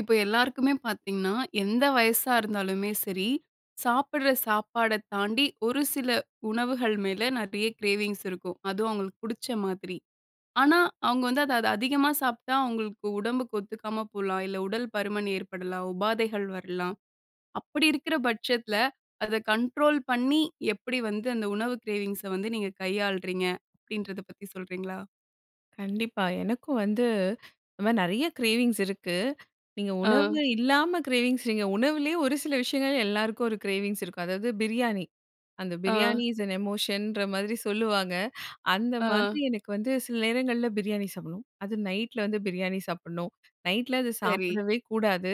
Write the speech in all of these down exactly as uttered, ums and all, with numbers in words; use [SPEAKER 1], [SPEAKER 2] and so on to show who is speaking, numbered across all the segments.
[SPEAKER 1] இப்ப எல்லாருக்குமே பார்த்தீங்கன்னா, எந்த வயசா இருந்தாலுமே சரி, சாப்புட்ற சாப்பாட தாண்டி ஒரு சில உணவுகள் மேல நிறைய கிரேவிங்ஸ் இருக்கும். அதுவும் அவுங்களுக்கு புடிச்ச மாதிரி. ஆனா, அவுங்க வந்து அத அத அதிகமா சாப்பிட்டா, அவுங்களுக்கு உடம்புக்கு ஒத்துக்காம போலாம், இல்ல உடல் பருமன் ஏற்படலாம், உபாதைகள் வரலாம். அப்பிடி இருக்கிற பட்சத்தில அத கண்ட்ரோல் பண்ணி எப்பிடி வந்து அந்த உணவு கிரேவிங்ஸ வந்து நீங்க கையாளுறீங்க? அப்பிடின்றத பத்தி சொல்கிறீங்களா?
[SPEAKER 2] கண்டிப்பா. எனக்கும் வந்து இந்தமாரி நிறைய கிரேவிங்ஸ் இருக்கு! நீங்க உணவு
[SPEAKER 1] அ.
[SPEAKER 2] இல்லாம கிரேவிங்ஸ், நீங்க உணவுலயே ஒரு சில விஷயங்கள் எல்லாருக்கும் ஒரு கிரேவிங்ஸ் இருக்கும். அதாவது பிரியாணி! அந்த
[SPEAKER 1] அ.
[SPEAKER 2] பிரியாணி இஸ் அன் எமோஷன்ற மாதிரி சொல்லுவாங்க! அந்த மாதிரி
[SPEAKER 1] அ.
[SPEAKER 2] எனக்கு வந்து சில நேரங்கள்ல பிரியாணி சாப்புட்ணும். அது நைட்டில வந்து பிரியாணி சாப்புட்ணும், நைட்டில அத
[SPEAKER 1] சரி.
[SPEAKER 2] சாப்பிடவே கூடாது!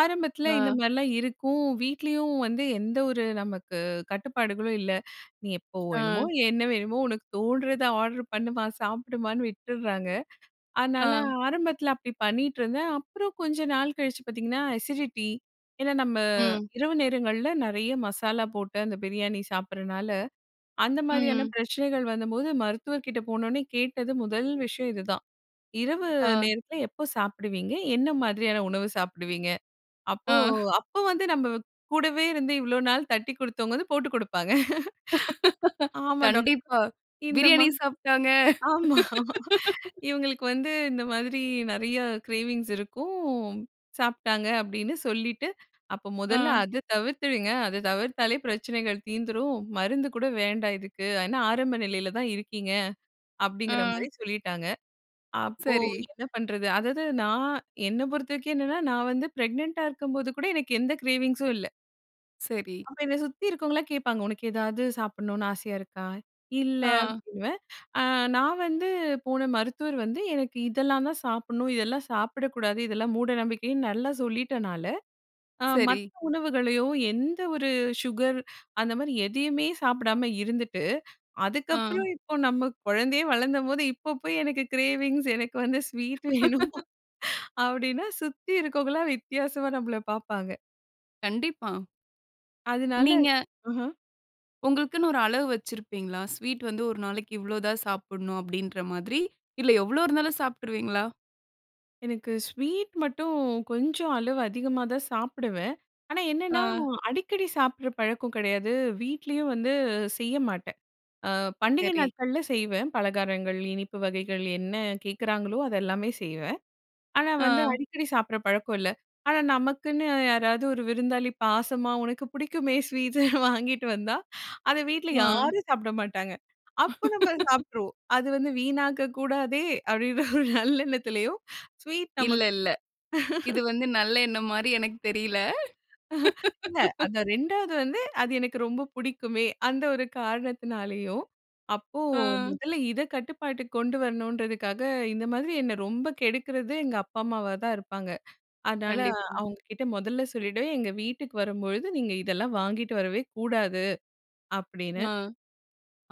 [SPEAKER 2] ஆரம்பத்தில இந்த
[SPEAKER 1] அ.
[SPEAKER 2] மாதிரிலாம் இருக்கும். வீட்லயும் வந்து எந்த ஒரு நமக்கு கட்டுப்பாடுகளும் இல்ல. நீ எப்போ வேணுமோ
[SPEAKER 1] அ.
[SPEAKER 2] என்ன வேணுமோ உனக்கு தோணுறத ஆர்டர் பண்ணுமா! சாப்பிடுமான்னு! விட்டுர்றாங்க. அதனால
[SPEAKER 1] அ.
[SPEAKER 2] ஆரம்பத்துல அப்பிடி பண்ணிட்ருந்தேன். அப்புறம் கொஞ்ச நாள் கழிச்சு பார்த்தீங்கன்னா, அசிடிட்டி. ஏன்னா நம்ம
[SPEAKER 1] ம்.
[SPEAKER 2] இரவு நேரங்கள்ல நெறைய மசாலா போட்டு அந்த பிரியாணி சாப்பிடறனால, அந்த மாதிரியான
[SPEAKER 1] ம்.
[SPEAKER 2] பிரச்சனைகள் வந்தம்போது மருத்துவர்க்கிட்ட போனோவுனே கேட்டது முதல் விஷயம் இது தான். இரவு
[SPEAKER 1] அ.
[SPEAKER 2] நேரத்தில எப்போ சாப்பிடுவீங்க? என்ன மாதிரியான உணவு சாப்பிடுவீங்க? அப்போ,
[SPEAKER 1] அ.
[SPEAKER 2] அப்ப வந்து நம்ம கூடவே இருந்து இவ்ளோ நாள் தட்டிக் கொடுத்தவங்க வந்து போட்டுக் கொடுப்பாங்க. ஆமா. டாக்
[SPEAKER 1] கண்டிப்பா!
[SPEAKER 2] இந்தம்மா
[SPEAKER 1] பிரியாணி சாப்பிட்டாங்க.
[SPEAKER 2] ஆமா! இவுங்களுக்கு வந்து இந்த மாதிரி நெறைய கிரேவிங்ஸ் இருக்கும். சாப்ட்டாங்க, அப்பிடின்னு சொல்லிட்டு. அப்ப மொதல்ல
[SPEAKER 1] அ.
[SPEAKER 2] அத தவிர்த்துடுங்க! அத தவிர்த்தாலே பிரச்சனைகள் தீந்துரும். மருந்து கூட வேண்டாம் இதுக்கு. ஆனா ஆரம்ப நிலையில தான் இருக்கீங்க.
[SPEAKER 1] அ.
[SPEAKER 2] அப்பிடிங்கிறமாரி சொல்லிட்டாங்க. அப்போ
[SPEAKER 1] சரி.
[SPEAKER 2] என்ன பண்றது அதாவது நான் என்ன பொறுத்தவரைக்கும் என்னென்னா, நான் வந்து ப்ரெக்னன்ட்டா இருக்கும்போது கூட எனக்கு எந்த கிரேவிங்ஸும் இல்ல.
[SPEAKER 1] சரி.
[SPEAKER 2] அப்ப இத சுத்தி இருக்கவங்கலாம் கேட்பாங்க. உனக்கு எதாவது சாப்பிட்ணுனு ஆசையா இருக்கா? இல்ல
[SPEAKER 1] ஆ.
[SPEAKER 2] அப்பிடின்னுவேன். அ நான் வந்து போன மருத்துவர் வந்து எனக்கு இதெல்லாந்தான் சாப்பிட்ணும். இதெல்லாம் சாப்பிடக்கூடாது. இதெல்லாம் மூடநம்பிக்கைன்னு நல்லா சொல்லிட்டனால, அ மத்த
[SPEAKER 1] சரி.
[SPEAKER 2] உணவுகளையோ! எந்த ஒரு சுகர், அந்தமாரி எதையுமே சாப்பிடாம இருந்துட்டு,
[SPEAKER 1] ஆ.
[SPEAKER 2] அதுக்கப்பறம் இப்போ நம்ம குழந்தையே வளந்தம்போது இப்போ போய் எனக்கு கிரேவிங்ஸ் எனக்கு வந்து ஸ்வீட் வேணும் அப்பிடின்னா சுத்தி இருக்கவங்கள்லாம் வித்தியாசமா நம்மள பார்ப்பாங்க.
[SPEAKER 1] கண்டிப்பா.
[SPEAKER 2] அதனால,
[SPEAKER 1] நீங்க
[SPEAKER 2] அஹ.
[SPEAKER 1] உங்களுக்குன்னு ஒரு அளவு வச்சிருப்பீங்களா? "ஸ்வீட் வந்து ஒரு நாளைக்கு இவ்ளோ தான் சாப்பிட்ணும்," அப்பிடின்ற மாதிரி. இல்ல எவ்ளோ இருந்தாலும் சாப்பிட்டுருவீங்களா?
[SPEAKER 2] எனக்கு ஸ்வீட் மட்டும் கொஞ்சம் அளவு அதிகமாகதான் சாப்பிடுவேன். ஆனா, என்னன்னா
[SPEAKER 1] ஆ.
[SPEAKER 2] அடிக்கடி சாப்பிட்ற பழக்கம் கிடையாது. வீட்லயும் வந்து செய்ய மாட்டேன். அ பண்டிகை
[SPEAKER 1] சரி.
[SPEAKER 2] நாட்கள்ல செய்வேன். பலகாரங்கள், இனிப்பு வகைகள் என்ன கேட்குறாங்களோ! அதெல்லாமே செய்வேன். ஆனா, வந்து
[SPEAKER 1] அ.
[SPEAKER 2] அடிக்கடி சாப்பிட்ற பழக்கம் இல்ல. ஆனா, நமக்குன்னு யாராவது ஒரு விருந்தாளி பாசமா உனக்கு பிடிக்குமே ஸ்வீட்டு வாங்கிட்டு வந்தா அத வீட்ல
[SPEAKER 1] ஆ.
[SPEAKER 2] யாரும் சாப்பிட மாட்டாங்க. அப்போ நம்ம அத சாப்பிட்ருவோம். அது வந்து வீணாக்க கூடாதே! அப்பிடின்ற ஒரு நல்லெண்ணத்திலயும் ஸ்வீட்
[SPEAKER 1] இல்ல,
[SPEAKER 2] நமக்
[SPEAKER 1] இல்ல. இது வந்து நல்ல எண்ணம் மாரி எனக்கு தெரியல
[SPEAKER 2] இல்ல. அந்த ரெண்டாவது வந்து, அது எனக்கு ரொம்ப பிடிக்குமே! அந்த ஒரு காரணத்தினாலேயும், அப்போ
[SPEAKER 1] ஆ.
[SPEAKER 2] முதல்ல இத கட்டுப்பாட்டுக்கு கொண்டு வரணுன்றதுக்காக, இந்த மாதிரி என்ன ரொம்ப கெடுக்கிறது எங்க அப்பா, அம்மாவாதான் இருப்பாங்க. அதனால,
[SPEAKER 1] கண்டிப்பா.
[SPEAKER 2] அவுங்கக்கிட்ட மொதல்ல சொல்லிவிடுவேன், "எங்க வீட்டுக்கு வரும்பொழுது நீங்க இதெல்லாம் வாங்கிட்டு வரவே கூடாது." அப்பிடின்னு.
[SPEAKER 1] ஆ,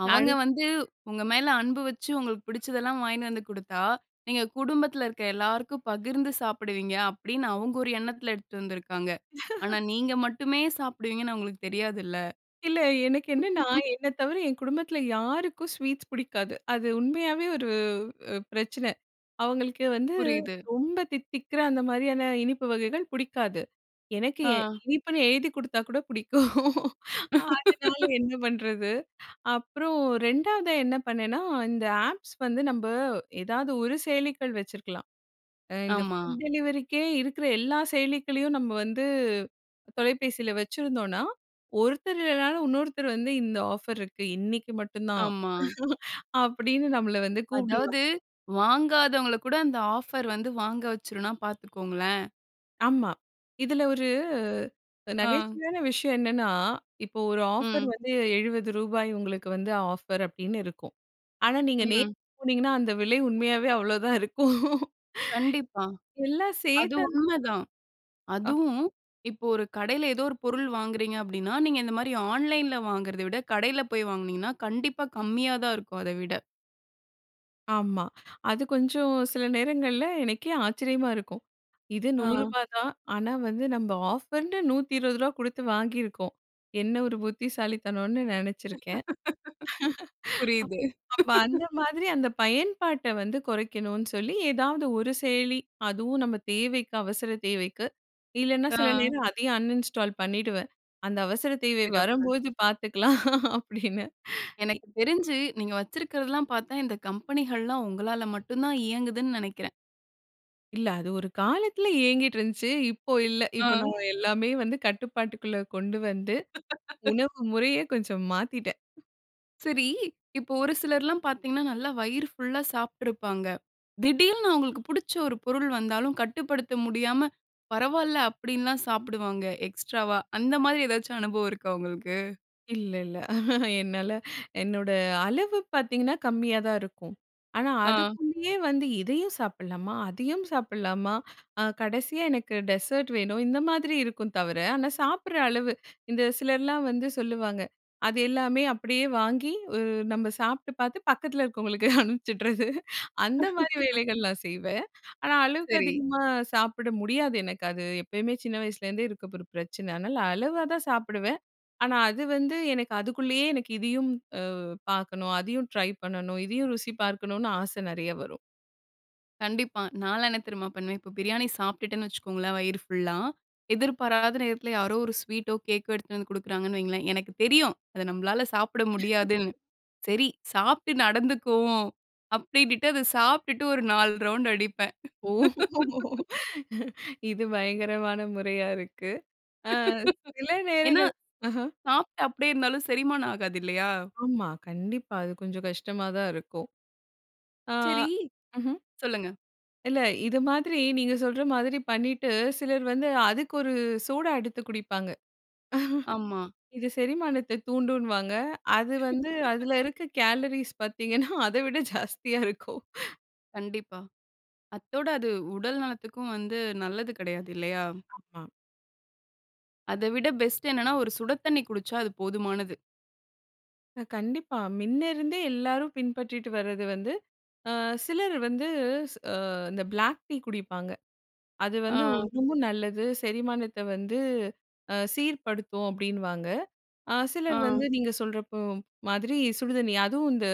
[SPEAKER 1] அவங்க
[SPEAKER 2] அடுத்
[SPEAKER 1] வந்து உங்க மேல அன்பு வச்சு, உங்களுக்கு பிடிச்சதெல்லாம் வாங்கினு வந்து கொடுத்தா, "நீங்க குடும்பத்தில இருக்க எல்லாருக்கும் பகிர்ந்து சாப்பிடுவீங்க." அப்பிடின்னு அவுங்க ஒரு எண்ணத்தில எடுத்துட்டு வந்துருக்காங்க. ஆனா, நீங்க மட்டுமே சாப்பிடுவீங்கன்னு அவுங்களுக்கு தெரியாதுல்ல.
[SPEAKER 2] இல்ல. எனக்கு என்னன்னா, என்னத் தவிர என் குடும்பத்தில யாருக்கும் ஸ்வீட்ஸ் பிடிக்காது. அது உண்மையாவே ஒரு அ பிரச்சன. அவுங்களுக்கு வந்து
[SPEAKER 1] புரியுது.
[SPEAKER 2] ரொம்ப தித்திக்கிற அந்த மாரியான இனிப்பு வகைகள் பிடிக்காது. எனக்கு
[SPEAKER 1] ஆ.
[SPEAKER 2] இனிப்புன்னு எழுதிக் கொடுத்தாக்கூட பிடிக்கும். அதனால என்ன பண்றது? அப்புறம் ரெண்டாவதா என்ன பண்ணேன்னா, இந்த ஆப்ஸ் வந்து நம்ம ஏதாவது ஒரு செயலிகள் வச்சுருக்கலாம். அ இந்த
[SPEAKER 1] ஆமா.
[SPEAKER 2] ஃபுட் டெலிவரிக்கே இருக்கிற எல்லா செயலிகளையும் நம்ம வந்து தொலைபேசியில வச்சிருந்தோன்னா, ஒருத்தர் இல்லனாலும் இன்னொருத்தரு வந்து இந்த ஆஃபர் இருக்கு, இன்னிக்கி மட்டுந்தான்
[SPEAKER 1] ஆமா.
[SPEAKER 2] அப்பிடின்னு நம்மள வந்து கூப்பிடுவாங்க.
[SPEAKER 1] அதாவது, வாங்காதவங்கள கூட அந்த ஆஃபர் வந்து வாங்க வச்சுருன்னா பார்த்துக்கோங்களேன்!
[SPEAKER 2] ஆமா. இதுல ஒரு
[SPEAKER 1] [unintelligible]
[SPEAKER 2] அ
[SPEAKER 1] ஆ.
[SPEAKER 2] நகைச்சுவையான விஷயம் என்னன்னா, இப்போ ஒரு ஆஃபர்
[SPEAKER 1] ம்.
[SPEAKER 2] வந்து எழுபது ரூபாய் உங்களுக்கு வந்து ஆஃபர் அப்பிடின்னு இருக்கும். ஆனா, நீங்க நேர்ல
[SPEAKER 1] ம்.
[SPEAKER 2] போனீங்கன்னா. அந்த விலை உண்மையாவே அவ்ளோதான் இருக்கும்
[SPEAKER 1] கண்டிப்பா.
[SPEAKER 2] எல்லாம்
[SPEAKER 1] அது
[SPEAKER 2] சேத்து, அந்
[SPEAKER 1] உண்மதான்.
[SPEAKER 2] அ.
[SPEAKER 1] அதுவும், இப்போ ஒரு கடையில எதோ ஒரு பொருள் வாங்குகிறீங்க அப்பிடின்னா, நீங்க இந்தமாரி ஆன்லைன்ல வாங்குறத விட, கடையில போய் வாங்குனீங்கன்னா, கண்டிப்பா கம்மியாதான் இருக்கும் அத விட.
[SPEAKER 2] ஆமா. அது கொஞ்சம் சில நேரங்கள்ல, எனக்கே ஆச்சரியமா இருக்கும். இது
[SPEAKER 1] ஆ.
[SPEAKER 2] நூரூபா தான். ஆனா வந்து நம்ம ஆஃபர்ன்டு நூத்தி இருவது ரூபா குடுத்து வாங்கிருக்கோம். என்ன ஒரு புத்திசாலித்தனோன்னு நினைச்சிருக்கேன்.
[SPEAKER 1] புரியுது
[SPEAKER 2] அப் அப்ப அந்த மாதிரி அந்த பயன்பாட்ட வந்து குறைக்கனுன்னு சொல்லி எதாவது ஒரு செயலி, அதுவும் நம்ம தேவைக்கு, அவசர தேவைக்கு! இல்லன்னா
[SPEAKER 1] ஆ.
[SPEAKER 2] சில நேரம் அதையும் அன்இன்ஸ்டால் பண்ணிடுவேன். அந்த அவசர தேவை
[SPEAKER 1] சிறப்பு.
[SPEAKER 2] வரும்போது பார்த்துக்கலாம் அப்பிடின்னு இ
[SPEAKER 1] எனக்கு தெரிஞ்சு, நீங்க வச்சிருக்கதெல்லாம் பாத்தா, இந்த கம்பெனிகள்லாம் உங்களால மட்டும் தான் இயங்குதுன்னு நினைக்கிறேன்.
[SPEAKER 2] இல்ல. அது ஒரு காலத்துல இயங்கிட்டு இருந்துச்சு. இப்போ இல்ல.
[SPEAKER 1] ஆ.
[SPEAKER 2] இப்போ நான் எல்லாமே வந்து கட்டுப்பாட்டுக்குள்ள கொண்டு வந்து, உணவு முறையே கொஞ்சம் மாத்திட்டேன்.
[SPEAKER 1] சரி! இப்ப ஒரு சிலர்லாம் பார்த்தீங்கன்னா, நல்லா வயிறு ஃபுல்லா சாப்பிட்டுருப்பாங்க. திடீருன்னு அவங்களுக்கு புடிச்ச ஒரு பொருள் வந்தாலும் கட்டுப்படுத்த முடியாம. "பரவால்ல" அப்டிலாம் சாப்பிடுவாங்க. எக்ஸ்ட்ராவா! அந்த மாதிரி ஏதாச்சும் அனுபவம் இருக்கா உங்களுக்கு?
[SPEAKER 2] இல்லல்ல! என்னால என்னோட அளவு பார்த்தீங்கன்னா, கம்மியாதான் இருக்கும். ஆனா
[SPEAKER 1] அ.
[SPEAKER 2] அதுக்குள்ளேயே வந்து "இதையும் சாப்பிடலாமா? அதையும் சாப்பிடலாமா? அ கடைசியா எனக்கு டெசர்ட் வேணும்." இந்த மாதிரி இருக்கும் தவிர, ஆனா சாப்பிடுற அளவு, இந்த சிலர்லாம் வந்து சொல்லுவாங்க. அது எல்லாமே அப்படியே வாங்கி, உ நம்ம சாப்பிட்டு பார்த்து பக்கத்தில இருக்கவங்களுக்கு அனுப்பிச்சிட்றது. அந்த மாதிரி வேலைகள்லாம் செய்வேன். ஆனா அளவுக்கு
[SPEAKER 1] சரி.
[SPEAKER 2] அதிகமா சாப்பிட முடியாது எனக்கு. அது எப்பயுமே சின்ன வயசுலேருந்தே இருக்க ஒரு பிரச்சன. அதனால அளவா தான் சாப்பிடுவேன்! ஆனா அது வந்து எனக்கு அதுக்குள்ளேயே எனக்கு "இதையும் அ பார்க்கணும், அதையும் ட்ரை பண்ணணும், இதையும் ருசி பார்க்கணும்"னு ஆச நெறைய வரும்!
[SPEAKER 1] கண்டிப்பா! நான்லாம் என்ன தெரியுமா? பண்ணுவேன், இப்ப பிரியாணி சாப்பிட்டுட்டேன்னு வச்சுக்கோங்களேன் வயிறு ஃபுல்லா. எதிர்பாராத நேரத்தில யாரோ ஒரு ஸ்வீட்டோ கேக்கோ எடுத்துட்டு வந்து கொடுக்குறாங்கன்னு வைங்களேன், எனக்கு தெரியும் அத நம்மளால சாப்பிட முடியாதுன்னு. சரி, சாப்பிட்டு நடந்துக்குவோம். அப்படினுட்டு அத சாப்பிட்டுட்டு ஒரு நாலு ரவுண்டு அடிப்பேன்!
[SPEAKER 2] ஓ! இது பயங்கரமான முறையா இருக்கு. அ சில
[SPEAKER 1] ஏன்னா,
[SPEAKER 2] நேரங்கள். அஹ!
[SPEAKER 1] சாப்ட்டு அப்டியே இருந்தாலும் செரிமானம் ஆகாது இல்லையா?
[SPEAKER 2] ஆமா! கண்டிப்பா! அது கொஞ்சம் கஷ்டமா தான் இருக்கும். ஆ.
[SPEAKER 1] சரி
[SPEAKER 2] ம்ஹ்ம்.
[SPEAKER 1] சொல்லுங்க.
[SPEAKER 2] இல்ல. இது மாதிரி நீங்க சொல்ற மாதிரி பண்ணிட்டு, சிலர் வந்து அதுக்கு ஒரு சூடா எடுத்து குடிப்பாங்க.
[SPEAKER 1] ஆமா.
[SPEAKER 2] இது செரிமானத்த தூண்டும்னுவாங்க. அது வந்து, அதுல இருக்கக் கேலரீஸ் பார்த்தீங்கன்னா, அத விட ஜாஸ்தியா இருக்கும்.
[SPEAKER 1] கண்டிப்பா. அத்தோட அது உடல் நலத்துக்கும் வந்து நல்லது கிடையாது இல்லையா?
[SPEAKER 2] ஆமா.
[SPEAKER 1] அதவிட பெஸ்ட் என்னன்னா, ஒரு சுட தண்ணி குடிச்சா அது போதுமானது.
[SPEAKER 2] அ கண்டிப்பா. மின்னேயிருந்தே எல்லாரும் பின்பற்றிட்டு வரது வந்து, அ சிலர் வந்து அ இந்த பிளாக் டீ குடிப்பாங்க. அது வந்து
[SPEAKER 1] ஆ.
[SPEAKER 2] இன்னுமும் நல்லது. செரிமானத்த வந்து அ சீர்படுத்தும் அப்பிடின்னுவாங்க. அ சிலர்
[SPEAKER 1] ஆ.
[SPEAKER 2] வந்து நீங்க சொல்றப்போ, மாதிரி சுடுதண்ணி அதுவும் இந்த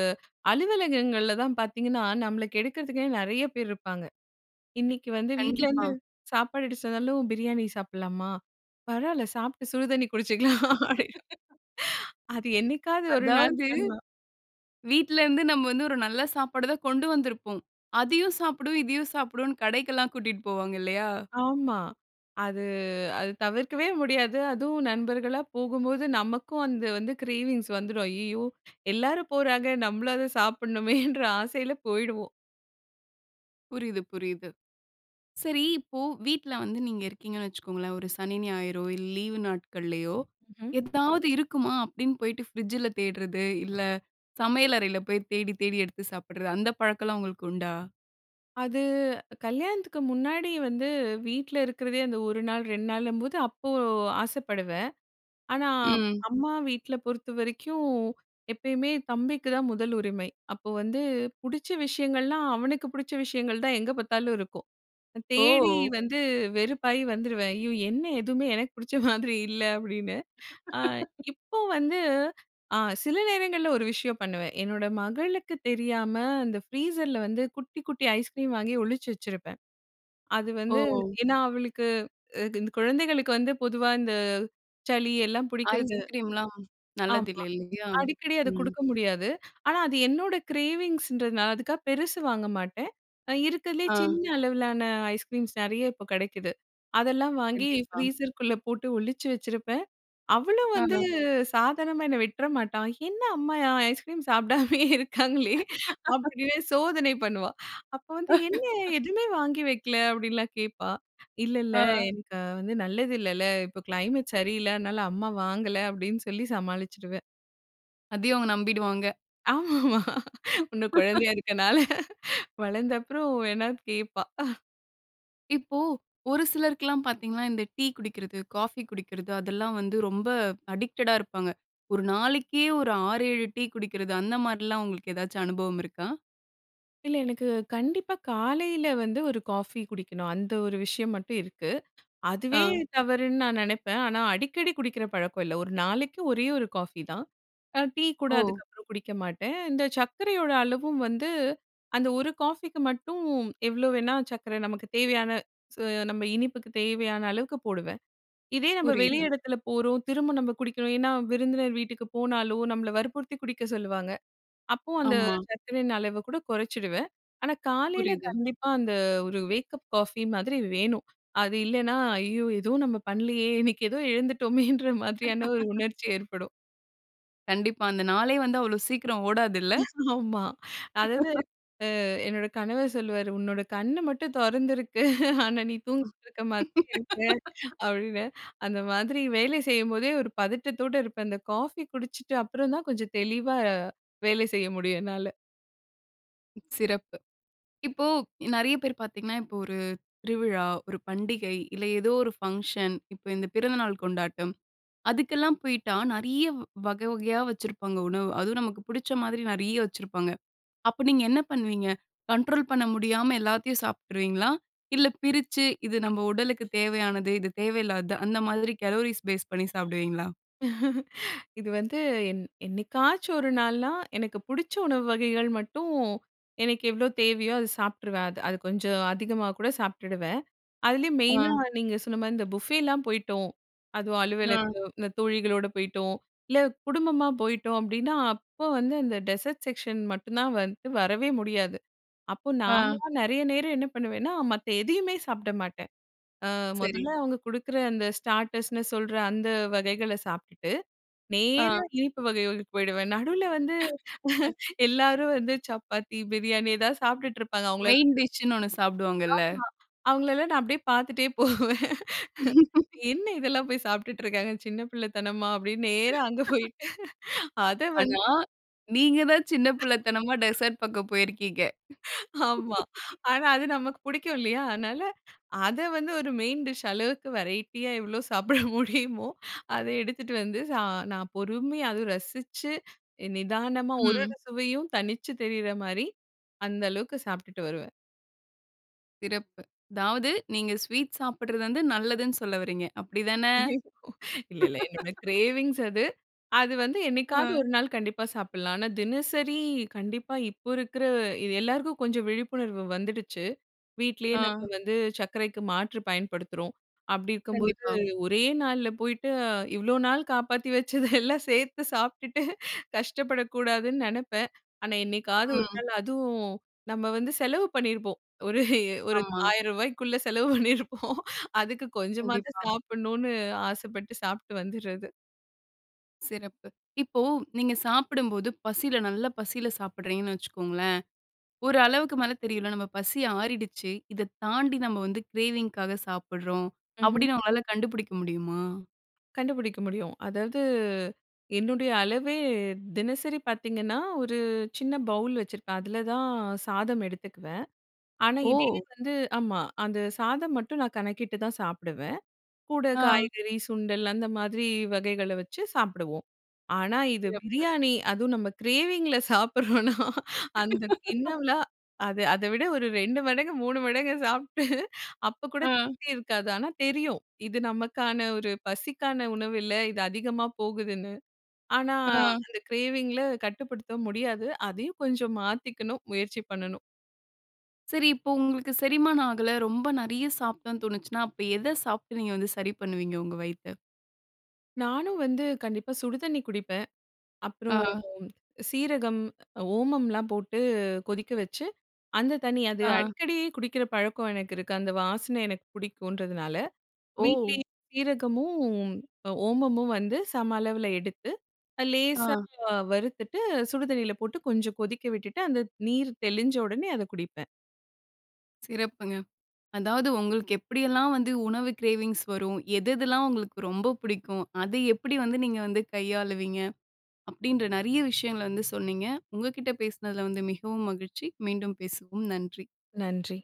[SPEAKER 2] அலுவலகங்கள்ல தான் பார்த்தீங்கன்னா, நம்மள கெடுக்கிறதுக்னே நிறைய பேர் இருப்பாங்க. இன்னிக்கி வந்து வீட்லேருந்து
[SPEAKER 1] கண்டிப்பா.
[SPEAKER 2] சாப்பாடு எடுத்துட்டு வந்தாலும் பிரியாணி சாப்பிட்லாமா? பரவால்ல. சாப்ட்டு சுடுதண்ணி குடிச்சிக்கலாம். [unintelligible] அது என்னைக்காவது ஒரு நாள்
[SPEAKER 1] அதாவது,
[SPEAKER 2] பண்லாம்.
[SPEAKER 1] வீட்லருந்து நம்ம வந்து ஒரு நல்ல சாப்பாடுதான் கொண்டு வந்திருப்போம். அதையும் சாப்பிடுவோம், இதையும் சாப்பிடுவோன்னு கடைக்கெல்லாம் கூட்டிட்டு போவாங்க இல்லயா?
[SPEAKER 2] ஆமா. அது அது தவிர்க்கவே முடியாது. அதுவும் நண்பர்களா போகும்போது, நமக்கும் அந்த வந்து கிரேவிங்ஸ் வந்துரும். ஐய்யயோ! எல்லாரும் போறாங்க, நம்மளும் அது சாப்புட்னுமேன்ற ஆசையில போயிடுவோம்.
[SPEAKER 1] புரியுது, புரியுது. சரி இப்போ வீட்ல வந்து நீங்க இருக்கீங்கன்னு வச்சுக்கோங்களேன் ஒரு சனி, ஞாயிறோ இல்ல, லீவு நாட்களையோ
[SPEAKER 2] ம்ஹம்.
[SPEAKER 1] ஏதாவது இருக்குமா? அப்படின்னு போய்ட்டு ஃப்ரிட்ஜில தேடுறது, இல்ல சமையல் அறையில போய் தேடி தேடி எடுத்து சாப்பிடுறது அந்த பழக்கம்லாம் உங்களுக்கு உண்டா?
[SPEAKER 2] அது கல்யாணத்துக்கு முன்னாடி வந்து வீட்ல இருக்கிறதே அந்த ஒரு நாள், ரெண்டு நாளும்போது அப்போ ஆசைப்படுவேன். ஆனா,
[SPEAKER 1] ம்.
[SPEAKER 2] அம்மா வீட்ல பொறுத்தவரைக்கும் எப்பயுமே தம்பிக்கு தான் முதல் உரிமை. அப்போ வந்து பிடிச்ச விஷயங்கள்லாம் அவனுக்கு பிடிச்ச விஷயங்கள் தான் எங்க பார்த்தாலும் இருக்கும். தேடி
[SPEAKER 1] ஓ!
[SPEAKER 2] வந்து வெறுப்பாயி வந்துருவேன். ஐயோ என்ன எதுவுமே எனக்கு பிடிச்ச மாதிரி இல்ல அப்படின்னு. அ இப்போ வந்து அ சில நேரங்கள்ல ஒரு விஷயம் பண்ணுவேன். என்னோட மகளுக்கு தெரியாம அந்த ஃப்ரீசர்ல வந்து குட்டி குட்டி ஐஸ்கிரீம் வாங்கி ஒளிச்சு வச்சிருப்பேன். அது வந்து
[SPEAKER 1] ஓ!
[SPEAKER 2] ஏன்னா, அவளுக்கு இ இந்த குழந்தைகளுக்கு வந்து பொதுவா இந்த சளி எல்லாம் புடிக்கிறது
[SPEAKER 1] ஐஸ்கிரீம்லாம்
[SPEAKER 2] ஆமா.
[SPEAKER 1] நல்லதில்ல, இல்லையா?
[SPEAKER 2] அடிக்கடி அத
[SPEAKER 1] ம்.
[SPEAKER 2] கொடுக்க முடியாது. ஆனா அது என்னோட கிரேவிங்ஸ்ன்றதுனால அதுக்காக பெருசு வாங்க மாட்டேன். இருக்கதிலேயே
[SPEAKER 1] ஆ.
[SPEAKER 2] சின்ன அளவிலான ஐஸ்கிரீம்ஸ் நிறைய இப்போ கிடைக்குது. அதெல்லாம் வாங்கி
[SPEAKER 1] கண்டிப்பா.
[SPEAKER 2] ஃப்ரீஸ்குள்ள போட்டு ஒளிச்சு வச்சிருப்பேன். அவளும் வந்து
[SPEAKER 1] ஆ.
[SPEAKER 2] சாதாரணமா என்ன விட்ற மாட்டா. என்ன அம்மா அ ஐஸ்கிரீம் சாப்பிடாமயே இருக்காங்களே அப்படினே சோதனை பண்ணுவா. அப்போ வந்து என்ன எதுவுமே வாங்கி வைக்கல அப்படின்லாம் கேட்பா. இல்ல இல்ல
[SPEAKER 1] ஆ.
[SPEAKER 2] எனக்கு வந்து நல்லது இல்லல இப்போ கிளைமேட் சரியில்ல அதனால அம்மா வாங்கல அப்படின்னு சொல்லி சமாளிச்சுடுவேன்.
[SPEAKER 1] அதையும் அவங்க நம்பிடுவாங்க!
[SPEAKER 2] ஆமாமா. இன்னும் குழந்தையா இருக்கனால வளர்ந்த அப்பறம் வேணா கேட்பா.
[SPEAKER 1] இப்போ ஒரு சிலருக்கெல்லாம் பார்த்தீங்கன்னா, இந்த டீ குடிக்கிறது, காஃபி குடிக்கிறது அதெல்லாம் வந்து ரொம்ப அடிக்டடா இருப்பாங்க. ஒரு நாளைக்கே ஒரு ஆறு, ஏழு டீ குடிக்கிறது. அந்த மாரிலாம் உங்களுக்கு ஏதாச்சு அனுபவம் இருக்கா?
[SPEAKER 2] இல்ல. எனக்கு கண்டிப்பா காலையில வந்து ஒரு காஃபி குடிக்கணும். அந்த ஒரு விஷயம் மட்டும் இருக்கு. அதுவே
[SPEAKER 1] ஆ.
[SPEAKER 2] தவறுன்னு நான் நினைப்பேன். ஆனா அடிக்கடி குடிக்கிற பழக்கம் இல்ல. ஒரு நாளைக்கு ஒரே ஒரு காஃபி தான். அ டீ கூட
[SPEAKER 1] ஓ!
[SPEAKER 2] அதுக்கப்பறம் குடிக்க மாட்டேன். இந்த சர்க்கரையோட அளவும் வந்து அந்த ஒரு காஃபிக்கு மட்டும் எவ்வளோ வேணா சர்க்கரை நமக்கு தேவையான சு நம்ம இனிப்புக்கு தேவையான அளவுக்கு போடுவேன். இதே நம்ப வெளி
[SPEAKER 1] புரியுது.
[SPEAKER 2] இடத்தில போறோம் திரும்ப நம்ப குடிக்கணும். ஏன்னா விருந்தினர் வீட்டுக்கு போனாலும் நம்மள வற்புறுத்தி குடிக்க சொல்லுவாங்க. அப்போ அந்த
[SPEAKER 1] ஆமா.
[SPEAKER 2] சர்க்கரையின் அளவக்கூட குறைச்சிடுவேன். ஆனா காலையில
[SPEAKER 1] புரியுது.
[SPEAKER 2] கண்டிப்பா அந்த ஒரு வேக்கப் காஃபி மாதிரி வேணும். அது இல்லைனா, ஐயோ! ஏதோ நம்ம பண்ணலையே இன்னைக்கு ஏதோ எழுந்துட்டோமேன்ற மாதிரியான ஒரு உணர்ச்சி ஏற்படும்.
[SPEAKER 1] கண்டிப்பா. அந்த நாளே வந்து அவ்வளோ சீக்கிரம் ஓடாதுல்ல?
[SPEAKER 2] ஆமா. அதாவது அ என்னோட கணவர் சொல்லுவாரு, உன்னோட கண்ணு மட்டும் தொறந்திருக்கு. ஆனா நீ தூங்கிட்டு இருக்க மாதிரி இருக்க. அப்படின்னு, அந்த மாதிரி வேலை செய்யும்போதே ஒரு பதட்டத்தோடு இருப்பேன். அந்த காஃபி குடிச்சுட்ட அப்பறம் தான் கொஞ்சம் தெளிவா வேலை செய்ய முடியும் என்னால.
[SPEAKER 1] சிறப்பு! இப்போ, நெறைய பேர் பார்த்தீங்கன்னா, இப்ப ஒரு திருவிழா, ஒரு பண்டிகை, இல்ல ஏதோ ஒரு ஃபங்ஷன். இப்ப இந்த பிறந்தநாள் கொண்டாட்டம். அதுக்கெல்லாம் போய்ட்டா, நெறைய வகை வகையா வச்சிருப்பாங்க உணவு. அதுவும் நமக்கு பிடிச்ச மாதிரி நெறைய வச்சிருப்பாங்க! அப்ப நீங்க என்ன பண்ணுவீங்க? கண்ட்ரோல் பண்ண முடியாம எல்லாத்தையும் சாப்பிட்டுருவீங்களா? இல்ல பிரிச்சு. இது நம்ம உடலுக்கு தேவையானது, இது தேவையில்லாதது. அந்த மாதிரி கலோரிஸ் பேஸ் பண்ணி சாப்பிடுவீங்களா?
[SPEAKER 2] இது வந்து என் என்னைக்காச்சும் ஒரு நாள்னா. எனக்கு பிடிச்ச உணவு வகைகள் மட்டும் எனக்கு எவ்ளோ தேவையோ, அத சாப்பிட்டுருவேன். அது அது கொஞ்சம் அதிகமா கூட சாப்டுடுவேன். அதுலயும் மெயினா
[SPEAKER 1] அ.
[SPEAKER 2] நீங்க சொன்ன மாரி இந்த புஃபேலாம் போய்ட்டோம். அதுவும் அலுவலக
[SPEAKER 1] அ.
[SPEAKER 2] இந்த தோழிகளோட போய்ட்டோம். இல்ல குடும்பமா போயிட்டோம். அப்டின்னா, அப்ப வந்து அந்த டெசர்ட் செக்க்ஷன் மட்டும் தான் வந்து, வரவே முடியாது. அப்போ
[SPEAKER 1] அ.
[SPEAKER 2] நான்லாம் நெறைய நேரம் என்ன பண்ணுவேன்னா, மத்த எதையுமே சாப்பிட மாட்டேன். அ
[SPEAKER 1] சரி.
[SPEAKER 2] முதல்ல அவங்க கொடுக்குற அந்த ஸ்டார்ட்டர்ஸ்னு சொல்ற அந்த வகைகள சாப்டுட்டு.
[SPEAKER 1] அ.
[SPEAKER 2] நேரா இனிப்பு வகைகளுக்கு போயிடுவேன். நடுவுல வந்து எல்லாரும் வந்து, சப்பாத்தி, பிரியாணி, எதாவது சாப்டுட்டு இருப்பாங்க. அவங்கள எல்லா
[SPEAKER 1] மெயின் டிஷ்ன்னு ஒண்ணு சாப்டுவாங்கல்ல?
[SPEAKER 2] ஆமா, அவங்களல்லாம் நான் அப்டியே பார்த்துட்டே போவேன். என்ன இதெல்லாம் போய் சாப்டுட்டு இருக்காங்க. சின்ன பிள்ளத்தனமா! அப்டின்னு நேரா அங்க போய். அத
[SPEAKER 1] ஆனா,
[SPEAKER 2] வந்து
[SPEAKER 1] நீங்க தான் சின்ன புள்ளத்தனமா, டெசர்ட் பக்கம் போயிருக்கீங்க!
[SPEAKER 2] ஆமா! ஆனா அது நமக்கு புடிக்கும் இல்லையா? அதனால, அத வந்து ஒரு மெயின் டிஷ் அளவுக்கு வெரைட்டியா எவ்ளோ சாப்பிட முடியுமோ, அத எடுத்துட்டு வந்து சா நான் பொறுமையா அதுவும் ரசிச்சு, நிதானமா ஒரு
[SPEAKER 1] ம்.
[SPEAKER 2] ஒரு சுவையும் தனிச்சு தெரிற மாரி, அந்த அளவுக்கு சாப்டுட்டு வருவேன்.
[SPEAKER 1] சிறப்பு. அதாவது நீங்க ஸ்வீட் சாப்பிடுறது வந்து நல்லதுனு சொல்ல வர்றீங்க. அப்படி தானே?
[SPEAKER 2] ஐய்ய்யோ! இல்ல இல்ல. என்னோட கிரேவிங்ஸ் அது அது வந்து என்னைக்காவது
[SPEAKER 1] அ.
[SPEAKER 2] ஒரு நாள் கண்டிப்பா சாப்பிடலாம். ஆனா தினசரி கண்டிப்பா இப்போ இருக்குற இது எல்லோருக்கும் கொஞ்சம் விழிப்புணர்வு வந்துடுச்சு. வீட்டிலேயே நாம
[SPEAKER 1] ஆ.
[SPEAKER 2] வந்து சர்க்கரைக்கு மாற்று பயன்படுத்துறோம். அப்படி இருக்கும்போது
[SPEAKER 1] கண்டிப்பா.
[SPEAKER 2] ஒரே நாளில போய்ட்டு. இவ்வளோ நாள் காப்பாத்தி வச்சது எல்லாம் சேர்த்து சாப்பிட்டுட்டு கஷ்டப்படக்கூடாதுன்னு நினைப்பேன். ஆனா என்னைக்காவது ஒரு
[SPEAKER 1] ம்.
[SPEAKER 2] நாள் அதுவும் நம்ம வந்து செலவு பண்ணியிருப்போம் ஒரு ஒரு
[SPEAKER 1] ஆமா.
[SPEAKER 2] ஆயிரம் ரூபாய்க்குள்ள செலவு பண்ணியிருப்போம் அதுக்கு கொஞ்சமாவது
[SPEAKER 1] கண்டிப்பா.
[SPEAKER 2] சாப்பிடணுனு ஆசைப்பட்டு சாப்பிட்டு வந்துடுறது.
[SPEAKER 1] சிறப்பு. இப்போ நீங்க சாப்பிடும்போது பசில நல்ல பசில சாப்பிடுறீங்கனு வச்சுக்கோங்களேன் ஒரு அளவுக்கு மேல தெரியும்ல்ல நாம பசி ஆறிடுச்சி. இத தாண்டி நம்ம வந்து கிரேவிங்காக சாப்பிடுகிறோம்
[SPEAKER 2] ம்ஹ்ம்.
[SPEAKER 1] அப்படினு உங்களால கண்டுபுடிக்க முடியுமா?
[SPEAKER 2] கண்டுபிடிக்க முடியும். அதாவது என்னுடைய அளவே தினசரி பார்த்தீங்கன்னா, ஒரு சின்ன பவுல் வச்சிருப்பேன். அதில தான் சாதம் எடுத்துக்குவேன். ஆனா இதே
[SPEAKER 1] ஓ!
[SPEAKER 2] வந்து ஆமா. அந்த சாதம் மட்டும் நான் கணக்கிட்டு தான் சாப்பிடுவேன். கூட
[SPEAKER 1] ஆ.
[SPEAKER 2] காய்கறி சுண்டல் அந்த மாதிரி வகைகள வச்சு சாப்பிடுவோம். ஆனா, இது
[SPEAKER 1] சிறப்பு.
[SPEAKER 2] பிரியாணி அதுவும் நம்ம கிரேவிங்கில சாப்பிட்றோன்னா, அந்த கிண்ணம்லாம் அது அதை விட ஒரு ரெண்டு மடங்கு மூணு மடங்கு சாப்பிட்டு அப்போ கூட
[SPEAKER 1] அ.
[SPEAKER 2] திருப்தி இருக்காது. ஆனா தெரியும் இது நமக்கான ஒரு பசிக்கான உணவு இல்ல. இது அதிகமா போகுதுன்னு. ஆனா,
[SPEAKER 1] ஆ.
[SPEAKER 2] அந்த கிரேவிங்கில கட்டுப்படுத்தவும் முடியாது. அதையும் கொஞ்சம் மாற்றிக்கணும் முயற்சி பண்ணணும்.
[SPEAKER 1] சரி. இப்போ உங்களுக்கு செரிமானம் ஆகல. ரொம்ப நிறைய சாப்பிட்டோம்ன்னு தோணுச்சுன்னா அப்ப எதை சாப்பிட்டு நீங்க வந்து சரி பண்ணுவீங்க உங்கள் வயித்த?
[SPEAKER 2] நானும் வந்து கண்டிப்பா சுடுதண்ணி குடிப்பேன். அப்புறம்
[SPEAKER 1] ஆ.
[SPEAKER 2] சீரகம், ஓமம்லாம் போட்டு கொதிக்க வச்சு அந்த தண்ணி அது
[SPEAKER 1] ஆ.
[SPEAKER 2] அடிக்கடி குடிக்கிற பழக்கம் எனக்கு இருக்கு. அந்த வாசனை எனக்கு பிடிக்குன்றதுனால.
[SPEAKER 1] ஓ!
[SPEAKER 2] வீட்டிலேயே சீரகமும் ஓமமும் வந்து சம அளவுல எடுத்து
[SPEAKER 1] ஆ.
[SPEAKER 2] லேசா வறுத்துட்டு சுடு தண்ணியில போட்டு கொஞ்சம் கொதிக்க விட்டுட்டு அந்த நீர் தெளிஞ்ச உடனே அத குடிப்பேன்.
[SPEAKER 1] சிறப்புங்க. அதாவது உங்களுக்கு எப்படியெல்லாம் வந்து உணவு கிரேவிங்ஸ் வரும். எதெதெல்லாம் உங்களுக்கு ரொம்ப புடிக்கும். அத எப்படி வந்து நீங்க வந்து கையாளுவீங்க, அப்படின்ற நிறைய விஷயங்கள வந்து சொன்னீங்க உங்ககிட்ட பேசினதில வந்து மிகவும் மகிழ்ச்சி. மீண்டும் பேசுவோம். நன்றி.
[SPEAKER 2] நன்றி.